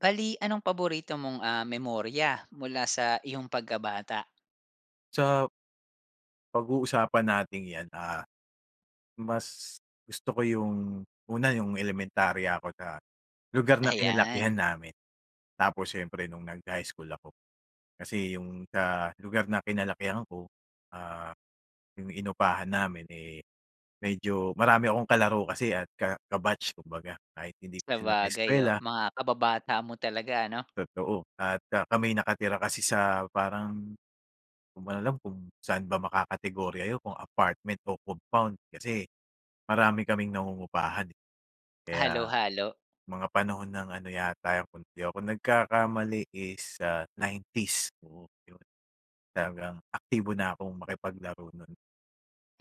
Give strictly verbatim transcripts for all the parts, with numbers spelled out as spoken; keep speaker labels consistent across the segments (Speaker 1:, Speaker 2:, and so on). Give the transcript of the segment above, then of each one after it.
Speaker 1: Bale, anong paborito mong, ah, memorya mula sa iyong pagkabata?
Speaker 2: Sa Pag-uusapan nating 'yan, ah, mas gusto ko 'yong una, 'yong elementarya ako na lugar na kinalakihan
Speaker 1: Ayan.
Speaker 2: namin. Tapos siyempre no'ng nag-high school ako, kasi 'yong sa lugar na kinalakihan ko, ah, 'yong inupahan namin, eh, medyo marami akong kalaro kasi at ka ka-batch kumbaga, kahit hindi ko sila
Speaker 1: Sabagay. O,
Speaker 2: kaeskuwela.
Speaker 1: mga kababata mo talaga, ano?
Speaker 2: Totoo at ah, kami'y nakatira kasi sa parang, di ko nga alam kung saan ba makakategorya 'yun kung apartment o compound. Kasi marami kaming nangungupahan, kaya
Speaker 1: Halo-halo.
Speaker 2: mga panahon ng ano yata 'yun, kung 'di ako nagkakamali, is sa nineties, oo, 'yon. Talagang aktibo na akong makipaglaro no'n.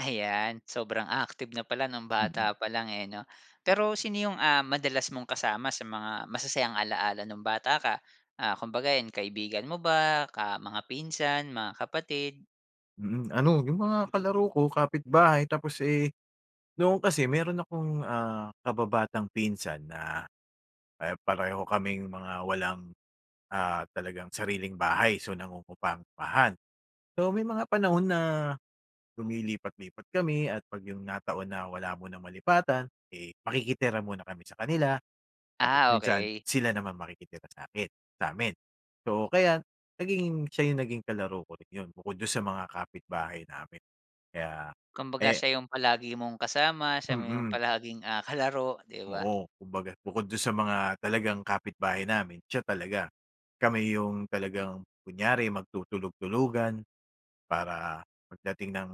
Speaker 1: Ayan, sobrang active na pala no'ng
Speaker 2: Mm.
Speaker 1: bata palang, eh, 'no? Pero sino 'yung, ah, madalas mong kasama sa mga masasayang alaala no'ng bata ka, ah, kumbaga, 'yan, kaibigan mo ba, ka mga pinsan, mga kapatid?
Speaker 2: Mm, ano yung mga kalaro ko kapitbahay tapos, eh noon kasi meron akong, ah, kababatang pinsan na, eh, pareho kaming mga walang, ah, talagang sariling bahay. So, nangungupampahan. So, may mga panahon na lumilipat-lipat kami at pag yung nataon na wala munang malipatan, eh, makikitira muna kami sa kanila. Tapos
Speaker 1: Ah,
Speaker 2: minsan
Speaker 1: okey.
Speaker 2: sila naman makikitira sa'kin sa'min. So, kaya nagiging siya yung naging kalaro ko rin 'yon bukod dun sa mga kapitbahay namin. Kaya,
Speaker 1: Kumbaga
Speaker 2: eh
Speaker 1: siya yung palagi mong kasama, siya mo yung
Speaker 2: Mm.
Speaker 1: palaging, ah, kalaro, 'di ba?
Speaker 2: Oo, kumbaga bukod do'n sa mga talagang kapitbahay namin, siya talaga. Kami 'yong talagang kunyari magtutulog-tulugan para pagdating ng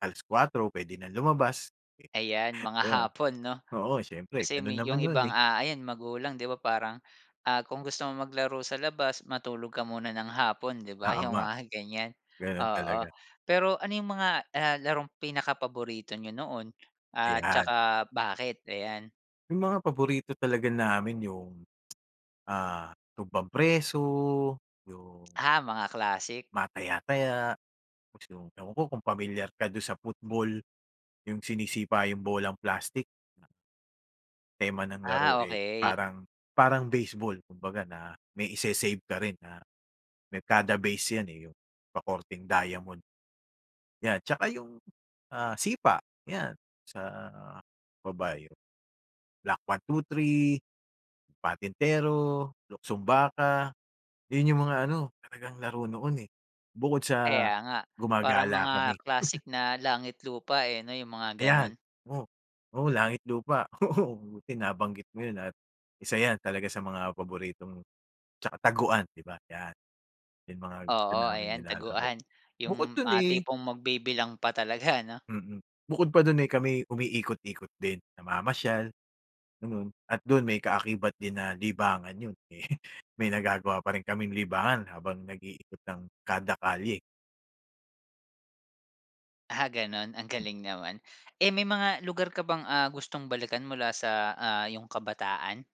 Speaker 2: alas kuwatro puwede nang lumabas,
Speaker 1: Ayan mga
Speaker 2: ayun.
Speaker 1: hapon, 'no?
Speaker 2: Oo, siyempre
Speaker 1: Kasi
Speaker 2: ganon
Speaker 1: med
Speaker 2: naman
Speaker 1: 'yong
Speaker 2: noon,
Speaker 1: ibang,
Speaker 2: eh.
Speaker 1: ah, ayan magulang, 'di ba, parang, ah, kung gusto mong maglaro sa labas, matulog ka muna ng hapon, 'di ba? 'Yong
Speaker 2: Tama,
Speaker 1: mga ganyan,
Speaker 2: ganun
Speaker 1: oo.
Speaker 2: talaga.
Speaker 1: Pero ano 'yong mga, ah, larong pinakapaborito niyo noon at
Speaker 2: Ayan.
Speaker 1: saka bakit? Ayan.
Speaker 2: Yung mga paborito talaga namin yung, ah, tumbang-preso, yung
Speaker 1: Ah, mga classic.
Speaker 2: Mga taya-taya, tapos yung, ewan ko kung pamilyar ka do'n sa football, yung sinisipa yung bolang plastic na tema ng laro,
Speaker 1: Ah,
Speaker 2: eh,
Speaker 1: okey.
Speaker 2: parang parang baseball kumbaga na may ise-save ka rin na may kada base 'yan, eh, yung pakorteng diamond. 'Yan. Tsaka yung, ah, sipa, 'yan, sa o ba yun, block one, two, three, patintero, luksong-baka. Yun yung mga ano, talagang laro noon, eh. Bukod sa
Speaker 1: Kaya nga. Parang
Speaker 2: gumagala kami.
Speaker 1: mga classic na langit-lupa eh, 'no? 'Yong mga
Speaker 2: Ayan.
Speaker 1: ganun.
Speaker 2: Oo. Oo, langit-lupa. Oo, buti nabanggit mo yun at isa 'yan talaga sa mga paboritong tsaka taguan, 'di ba? Yan. Yung mga gusto
Speaker 1: Oo,
Speaker 2: naming
Speaker 1: ayan,
Speaker 2: nilalaro.
Speaker 1: taguan.
Speaker 2: Bukod
Speaker 1: Yung
Speaker 2: do'n,
Speaker 1: mga
Speaker 2: eh
Speaker 1: tipong magbibilang pa talaga, 'no?
Speaker 2: Mm. Bukod pa do'n ay kami'y umiikot-ikot din. Namamasyal, ganun, at do'n may kaakibat din na libangan 'yon. May may nagagawa pa rin kaming libangan habang nag-iikot ng kada kalye.
Speaker 1: Ah, gano'n ang
Speaker 2: Hmm.
Speaker 1: galing naman. Eh, may mga lugar ka bang, ah, gustong balikan mula sa, ah, 'yong kabataan?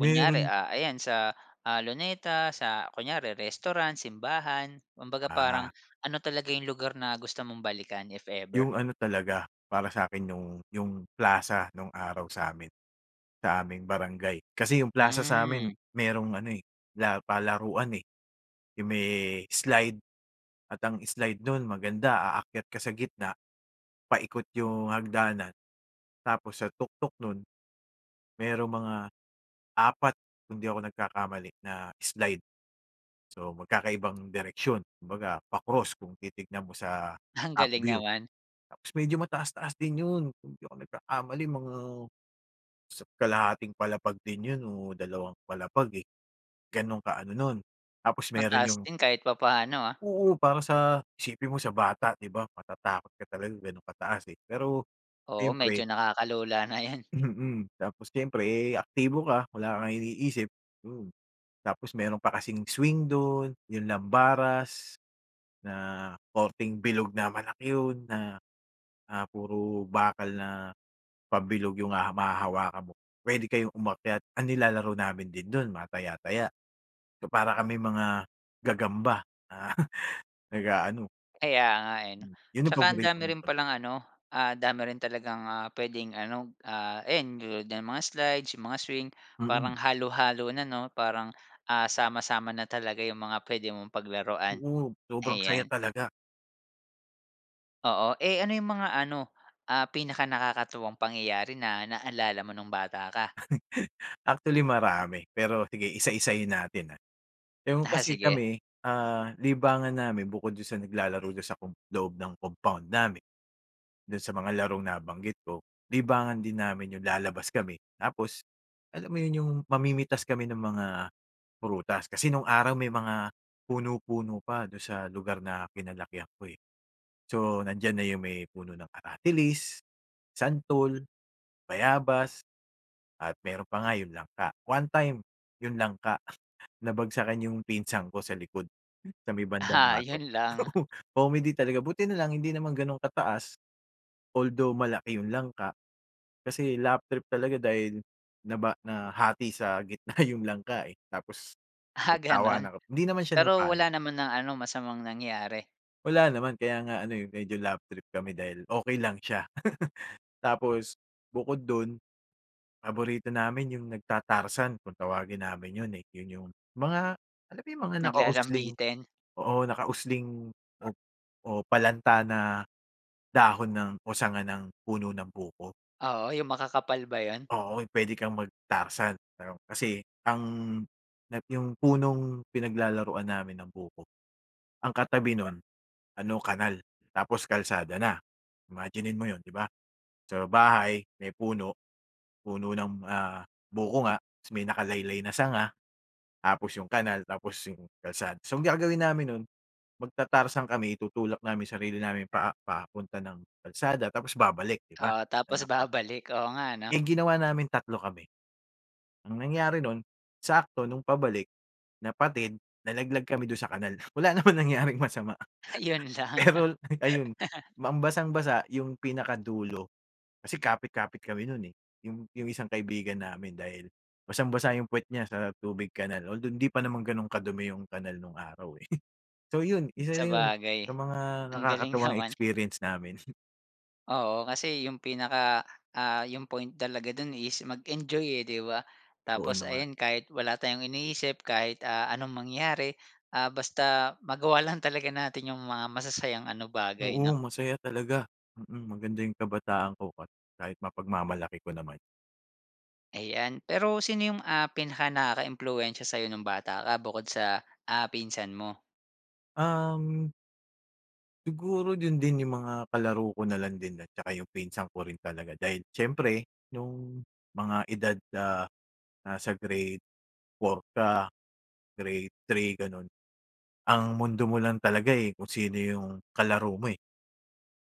Speaker 1: Kunyari, ah, ayan sa, ah, Luneta, sa kunyari restaurant, simbahan, kumbaga parang
Speaker 2: Ah.
Speaker 1: ano talaga yung lugar na gusto mong balikan, if ever?
Speaker 2: Yung ano talaga, para sa'kin yung yung plaza nong araw sa'min, sa aming barangay. Kasi yung Plaza sa'min
Speaker 1: Hmm.
Speaker 2: mayroong ano, eh, la palaruan, eh, yung may slide at ang slide nun maganda aakyat ka sa gitna, paikot yung hagdanan tapos sa tuktok nun, mayroong mga apat kung di ako nagkakamali na slide. So, magkakaibang direksyon kumbaga pa-cross kung titingnan mo sa
Speaker 1: Ang galing
Speaker 2: upview.
Speaker 1: naman.
Speaker 2: Tapos medyo mataas-taas din 'yon, kung di ako nagkakamali mga isa't kalahating palapag din 'yon o dalawang palapag, eh, ganon ka-ano nun, tapos meron
Speaker 1: Mataas
Speaker 2: yung
Speaker 1: din kahit papaano, ah.
Speaker 2: Oo, para sa isipin mo sa bata, 'di ba, matatakot ka talaga gano'n kataas, eh, pero
Speaker 1: Oo,
Speaker 2: syempre
Speaker 1: medyo nakakalula na 'yan.
Speaker 2: Mm. Tapos siyempre, eh, aktibo ka wala kang iniisip, mm. Tapos meron pa kasing swing do'n yung lambaras na korteng bilog na malaki 'yon na, ah, puro bakal na pabilog yung haha mahahawakan mo. Pwede kayong umakyat, ang nilalaro namin din do'n mataya-taya. So, para kaming mga gagamba na nag-aano.
Speaker 1: Kaya nga, eh, 'no?
Speaker 2: Hmm, 'yon ang
Speaker 1: Tsaka ang dami
Speaker 2: paboritong
Speaker 1: rin palang ano, ah, dami rin talagang, ah, puwedeng ano, ah, ayan tulad nga ng mga slides, yung mga swing
Speaker 2: Mm.
Speaker 1: parang halo-halo na, 'no, parang, ah, sama-sama na talaga yung mga puwede mong paglaruan.
Speaker 2: Oo. Sobrang saya
Speaker 1: Ayan.
Speaker 2: talaga.
Speaker 1: Oo, eh, ano yung mga ano, ah, pinakanakakatuwang pangyayari na naalala mo nung bata ka?
Speaker 2: Actually marami pero sige isa isahin natin, ah. Yung
Speaker 1: Ah,
Speaker 2: kasi
Speaker 1: sige.
Speaker 2: kami, ah, libangan namin bukod dun sa naglalaro doon sa com loob ng compound namin, do'n sa mga larong nabanggit ko libangan din namin 'yong lalabas kami tapos alam mo 'yon 'yong mamimitas kami ng mga prutas. Kasi nung araw, may mga puno, puno pa do'n sa lugar na kinalakihan ko, eh. So, nandiyan na 'yong may puno ng aratilis, santol, bayabas at meron pa nga yung langka. One time, yung langka nabagsakan yung pinsan ko sa likod sa may bandang
Speaker 1: Aha,
Speaker 2: batok,
Speaker 1: 'yon lang.
Speaker 2: comedy talaga, buti na lang hindi naman ganun kataas. Although malaki yung langka, kasi laugh trip talaga dahil naba nahati sa gitna yung langka, eh, tapos
Speaker 1: Ah, gano'n?
Speaker 2: nagtawanan kami. Hindi naman siya
Speaker 1: Pero
Speaker 2: napano.
Speaker 1: wala naman ng ano, masamang nangyari?
Speaker 2: Wala naman, kaya nga ano yung medyo laugh trip kami dahil okey lang siya. Tapos bukod dun, paborito namin yung nagtatarzan kung tawagin namin yun, eh, yun yung mga alam yung mga nakausling,
Speaker 1: Naglalambitin.
Speaker 2: oo nakausling o palanta na dahon ng, o sanga ng puno ng buko.
Speaker 1: Oo, 'yong makakapal ba 'yon?
Speaker 2: Oo, puwede kang magtarzan pero kasi ang yung punong pinaglalaruan namin ng buko, ang katabi nun ano kanal tapos kalsada na, imaginin mo 'yon, 'di ba? Sa bahay may puno, puno ng, ah, buko nga tapos may nakalaylay na sanga tapos 'yong kanal tapos 'yong kalsada. So, gagawin namin no'n magtatarsan kami itutulak namin sarili namin paa paa papunta ng kalsada tapos babalik, 'di ba.
Speaker 1: Oo, tapos babalik, oo nga ano.
Speaker 2: Eh, ginawa namin, tatlo kami ang nangyari nun sakto nung pabalik, napatid, nalaglag kami dun sa kanal, wala naman nangyaring masama.
Speaker 1: Ayon lang.
Speaker 2: Pero ayun, ang basang-basa yung pinakadulo kasi kapit kapit kami nun, eh, yung yung isang kaibigan namin dahil basang-basa yung pwet niya sa tubig kanal although hindi pa naman ganun kadumi yung kanal nung araw, eh. So, yun isa na yun
Speaker 1: Sabagay,
Speaker 2: sa mga
Speaker 1: ang galing
Speaker 2: nakakatawang
Speaker 1: naman.
Speaker 2: experience namin.
Speaker 1: Oo, kasi 'yung pinaka ah, 'yung point talaga do'n is mag-enjoy, eh, 'di ba?
Speaker 2: Oo,
Speaker 1: Tapos
Speaker 2: naman.
Speaker 1: ayan, kahit wala tayong iniisip, kahit, ah, anong mangyari, ah, basta magawa lang talaga natin 'yung mga masasayang ano bagay,
Speaker 2: Oo,
Speaker 1: 'no.
Speaker 2: masaya talaga. Mm, maganda 'yung kabataan ko, ka kahit mapagmamalaki ko naman.
Speaker 1: Eh, 'yan. Pero sino 'yung, ah, pinakanakakaimpluwensya sa'yo no'ng bata ka bukod sa, ah, pinsan mo?
Speaker 2: Um Siguro, do'n din 'yung mga kalaro ko na lang din tsaka 'yung pinsan ko rin talaga. Dahil siyempre, no'ng mga edad, ah, nasa Grade four ka, Grade three, gano'n, ang mundo mo lang talaga, eh, kung sino 'yung kalaro mo, eh.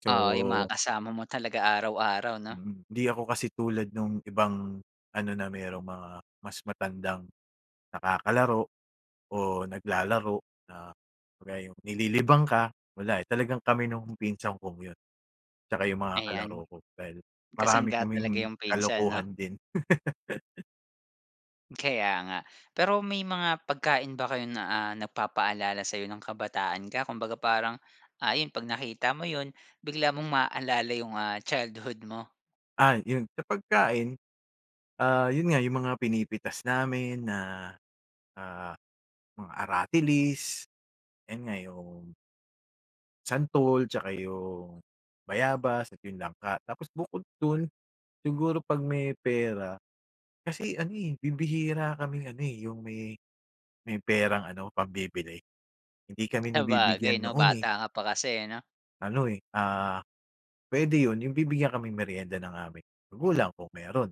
Speaker 2: So
Speaker 1: Oo, 'yung mga kasama mo talaga araw-araw, 'no.
Speaker 2: Mm. 'Di ako kasi tulad nung ibang ano, na merong mga mas matandang nakakalaro o naglalaro na kagaya 'yung nililibang ka, wala, eh, talagang kami nung pinsan kong 'yun, tsaka yung mga kalaro
Speaker 1: Ayan.
Speaker 2: ko dahil marami
Speaker 1: Kasangga talaga
Speaker 2: kaming
Speaker 1: 'yung pinsan, 'no?
Speaker 2: kalokohan din.
Speaker 1: Kaya nga. Pero may mga pagkain ba kayo na, ah, nagpapaalala sa'yo ng kabataan ka? Kumbaga, parang, ah, yun 'pag nakita mo yun, bigla mong maalala yung, ah, childhood mo?
Speaker 2: Ah, yun sa pagkain, ah, yun nga yung mga pinipitas namin na, ah, mga aratilis. 'Yan nga, yung santol, tsaka yung bayabas, at 'yong langka. Tapos bukod dun siguro 'pag may pera kasi, ano, eh, bibihira kaming, ano, eh, yung may may perang ano, pambibili. Hindi kami nabibigyan
Speaker 1: Sabagay, 'no,
Speaker 2: noon, eh.
Speaker 1: bata ka pa kasi, ano?
Speaker 2: Ano, eh, ah, puwede yun, yung bibigyan kaming merienda ng aming magulang kung meron.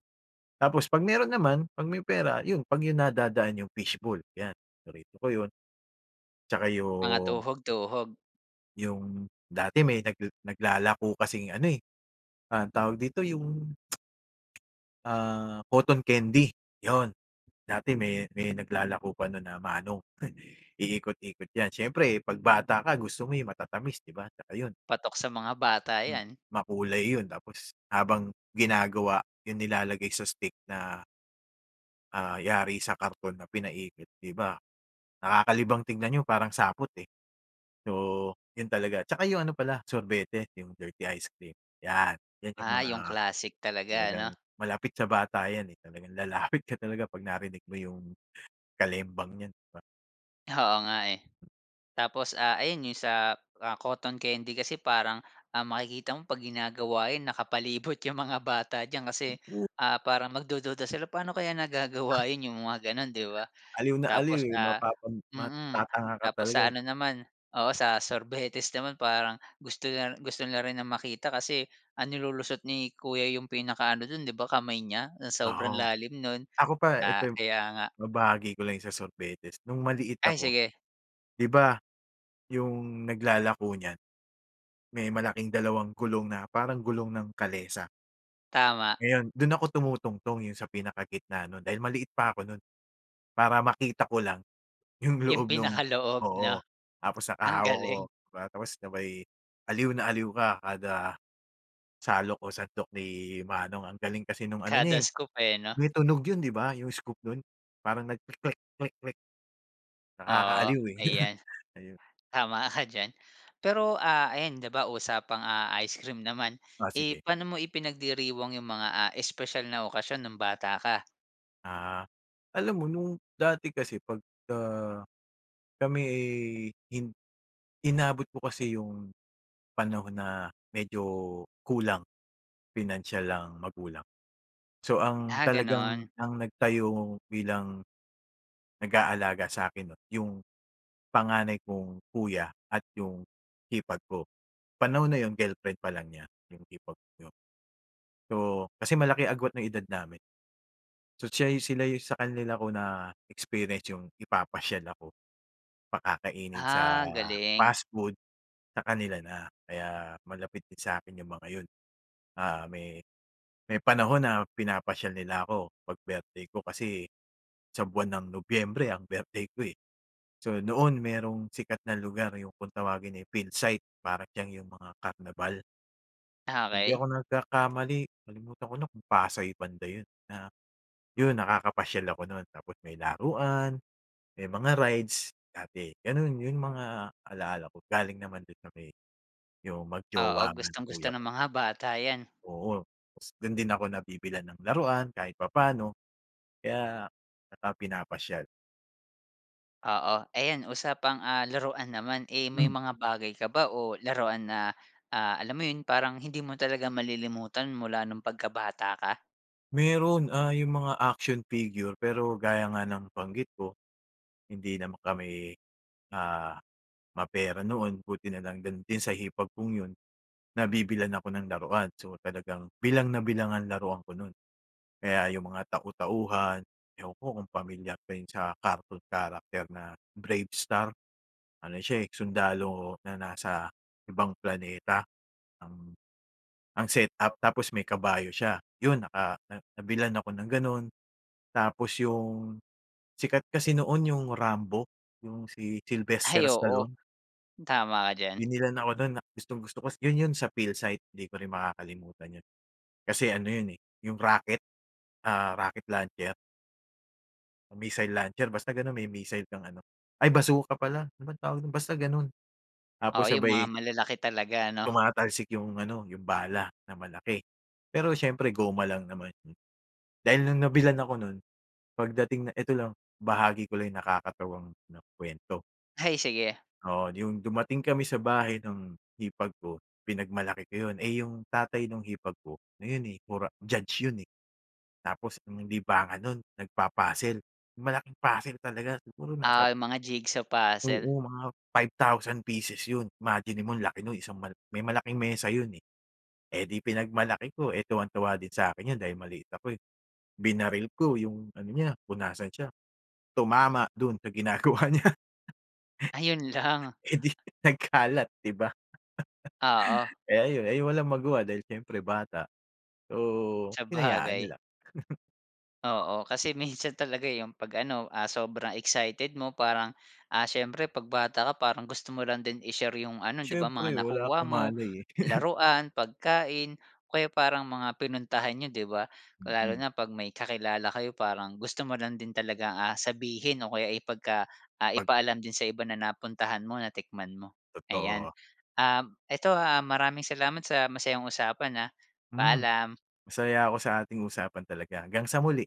Speaker 2: Tapos 'pag meron naman, 'pag may pera, 'yon, 'pag yung nadadaan yung fish ball 'yan, paborito ko yun. Tsaka
Speaker 1: Mga
Speaker 2: yung
Speaker 1: tuhog-tuhog.
Speaker 2: yung dati, may nagle naglalako kasing ano, eh, ah, tawag dito, yung ah, cotton candy, 'yon. Dati may may naglalako pa nun na Manong. Heh. Iikot-ikot 'yan, siyempre 'pag bata ka gusto mo yung matatamis, 'di ba, tsaka yun.
Speaker 1: Patok sa mga bata
Speaker 2: Mm,
Speaker 1: 'yan.
Speaker 2: makulay yun tapos habang ginagawa yun nilalagay sa stick na Ah, yari sa karton na pinaikot 'di ba? Nakakalibang tignan 'yon parang sapot, eh. So, 'yon talaga, 'tsaka yung ano pala sorbete, yung dirty ice cream. 'Yan, 'yan yung
Speaker 1: Ah,
Speaker 2: mga,
Speaker 1: yung classic talaga
Speaker 2: talagang
Speaker 1: 'no?
Speaker 2: malapit sa bata 'yan, eh, talagang lalapit ka talaga pag narinig mo yung kalembang niyan, 'di ba?
Speaker 1: Oo nga, eh. Tapos, ah, ayon 'yong sa, ah, cotton candy kasi parang, ah, makikita mo 'pag ginagawa 'yon nakapalibot 'yong mga bata diyan
Speaker 2: Hmm,
Speaker 1: kasi,
Speaker 2: o
Speaker 1: ah, parang magdududa sila. Paano kaya nagagawa yon 'yong mga gano'n, 'di ba?
Speaker 2: Aliw na aliw,
Speaker 1: Tapos
Speaker 2: eh, 'no?
Speaker 1: ah,
Speaker 2: Parang
Speaker 1: mm,
Speaker 2: matatanga ka
Speaker 1: tapos
Speaker 2: talaga,
Speaker 1: sa
Speaker 2: eh.
Speaker 1: ano naman, oo sa sorbetes naman parang gusto na ri gusto na rin na makita kasi ang nilulusot ni kuya 'yong pinakaano do'n 'di ba kamay niya, na sobrang
Speaker 2: Oo.
Speaker 1: lalim no'n.
Speaker 2: Ako pa, ito
Speaker 1: Ah,
Speaker 2: yung
Speaker 1: kaya nga.
Speaker 2: mabahagi ko lang yung sa sorbetes. No'ng maliit
Speaker 1: Ay,
Speaker 2: ako,
Speaker 1: sige.
Speaker 2: 'di ba, yung naglalako niyan, may malaking dalawang gulong na parang gulong ng kalesa
Speaker 1: Tama.
Speaker 2: ngayon, do'n ako tumutungtong, eh, yung sa pinakagitna no'n, dahil maliit pa ako no'n para makita ko lang, yung
Speaker 1: Yung
Speaker 2: loob no'ng
Speaker 1: pinakaloob
Speaker 2: oo,
Speaker 1: 'no?
Speaker 2: tapos
Speaker 1: Ang
Speaker 2: nakahawak ako,
Speaker 1: galing.
Speaker 2: 'di ba, tapos sabay, aliw na aliw ka kada, salok o sandok ni manong. Ang galing kasi no'ng ano
Speaker 1: Kada
Speaker 2: niya, eh,
Speaker 1: scoop, eh, 'no?
Speaker 2: may tunog 'yon 'di ba? Yung scoop no'n. Parang nagkeklek klek klek,
Speaker 1: Oo.
Speaker 2: nakakaaliw eh.
Speaker 1: Ayan,
Speaker 2: Ayun.
Speaker 1: tama ka diyan. Pero, ah, ayan 'di ba usapang, ah, ice cream naman,
Speaker 2: Ah,
Speaker 1: eh,
Speaker 2: sige.
Speaker 1: pa'no mo ipinagdiriwang yung mga, ah, espesyal na okasyon no'ng bata ka?
Speaker 2: Ah, alam mo nung dati kasi pagka, kami eh hin inabot ko kasi 'yung, panahon na medyo kulang pinansiyal ang magulang. So ang
Speaker 1: Ah
Speaker 2: talagang
Speaker 1: ganon.
Speaker 2: ang nagtayo bilang, nag-aalaga sa'kin 'no yung, panganay kong kuya at yung hipag ko. Panahon na yun girlfriend pa lang niya yung hipag ko. So, kasi malaki agwat ng edad namin. So siya yu sila 'yung sa kanila ko na-experience 'yung ipapasyal ako, pakakainin sa
Speaker 1: Ah galing.
Speaker 2: fast food, sa kanila na kaya malapit din sa akin yung mga yun. Ah may may panahon na pinapasyal nila ako pag birthday ko kasi, sa buwan ng Nobyembre ang birthday ko eh. So noon merong sikat na lugar 'yung kung tawagin ay Philsite para siyang 'yong mga karnabal. Kung di
Speaker 1: Okey.
Speaker 2: ako nagkakamali, nalimutan ko na kung Pasay banda yun na, yun nakakapasyal ako no'n tapos may laruan, may mga rides, dati. Ganun yun mga alala ko galing naman dun sa may 'yung
Speaker 1: Oo,
Speaker 2: mag-jowa nga na
Speaker 1: gustong-gusto
Speaker 2: kuya
Speaker 1: ng
Speaker 2: ko.
Speaker 1: mga bata 'yan.
Speaker 2: Oo, tas dun din ako nabibilhan ng laruan kahit papaano, kaya tsaka pinapasyal.
Speaker 1: Oo, ayan usapang ah, laruan naman. Eh, may
Speaker 2: Hmm.
Speaker 1: mga bagay ka ba o laruan na ah, alam mo 'yon, parang hindi mo talaga malilimutan mula no'ng pagkabata ka?
Speaker 2: Meron. Ah, 'yung mga action figure, pero gaya nga ng nabanggit ko, hindi naman kami, ah, mapera noon. Buti na lang din sa hipag kung 'yun, nabibilhan ako ng laruan. So talagang bilang na bilang ang laruan ko, no'n. Kaya 'yung mga tau-tauhan, ewan ko kung pamilyar ka yung sa cartoon character na Bravestar? Ano siya eh, sundalo na nasa ibang planeta, ang ang setup, tapos may kabayo siya. 'Yun naka na nabilhan ako ng gano'n, tapos 'yung sikat kasi noon 'yung Rambo, 'yung si Sylvester
Speaker 1: Ay, oo.
Speaker 2: Stallone.
Speaker 1: Tama ka diyan.
Speaker 2: Binilhan ako no'n, na gustong-gusto ko. 'Yun, 'yun sa Philsite, 'di ko rin makakalimutan 'yun. Kasi ano 'yun, eh, 'yung rocket ah, rocket launcher. Missile launcher, basta gano'n. May missile kang ano, ay, basuka pala, ano bang tawag do'n, basta ganon. Tapos
Speaker 1: Oo, 'yong mga
Speaker 2: sabay
Speaker 1: malalaki talaga, 'no?
Speaker 2: tumatalsik 'yung ano, yung bala na malaki, pero siyempre goma lang naman. Dahil no'ng nabilhan ako no'n, pagdating na ito lang, bahagi ko lang nakakatawang 'no, kuwento.
Speaker 1: Ay, sige.
Speaker 2: Oo. 'Yong dumating kami sa bahay nung hipag ko, pinagmalaki ko 'yon. Eh, 'yong tatay no'ng hipag ko, ngayon, eh, pora judge 'yon, eh. Tapos, ang libangan no'n nagpa-puzzle, 'yong malaking puzzle talaga siguro nasa
Speaker 1: Ah, 'yong mga jigsaw puzzle.
Speaker 2: Oo, mga five thousand pieces 'yon, imaginin mo ang laki no'n, isang mal may malaking mesa 'yon, eh. Eh, 'di pinagmalaki ko tuwang-tuwa din sa akin 'yon dahil maliit ako, eh, binaril ko 'yong ano niya kung nasaan siya, tumama do'n sa ginagawa niya.
Speaker 1: Ayun lang.
Speaker 2: Eh, 'di nagkalat, 'di ba?
Speaker 1: Oo.
Speaker 2: Eh, ayun, ay walang magawa dahil siyempre bata, so, hinayaan
Speaker 1: Sabagay.
Speaker 2: nila.
Speaker 1: Oo. Kasi minsan talaga, eh, 'yong pag, ano, ah, sobrang excited mo parang, ah, siyempre 'pag bata ka parang gusto mo lang din i-share 'yong ano, 'di ba,
Speaker 2: Siyempre
Speaker 1: mga
Speaker 2: wala
Speaker 1: nakuha
Speaker 2: kang
Speaker 1: mo,
Speaker 2: malay, eh.
Speaker 1: laruan, pagkain, o kaya parang mga pinuntahan n'yo, 'di ba. Kung lalo
Speaker 2: Mm.
Speaker 1: na 'pag may kakilala kayo parang gusto mo lang din talagang, ah, sabihin o kaya ipagka ah,
Speaker 2: Pag
Speaker 1: ipaalam din sa iba na napuntahan mo, natikman mo. Ayan,
Speaker 2: Totoo.
Speaker 1: um, ito ha, maraming salamat sa masayang usapan, ah.
Speaker 2: Mhm.
Speaker 1: Paalam.
Speaker 2: Masaya ako sa ating usapan talaga. Hanggang sa muli.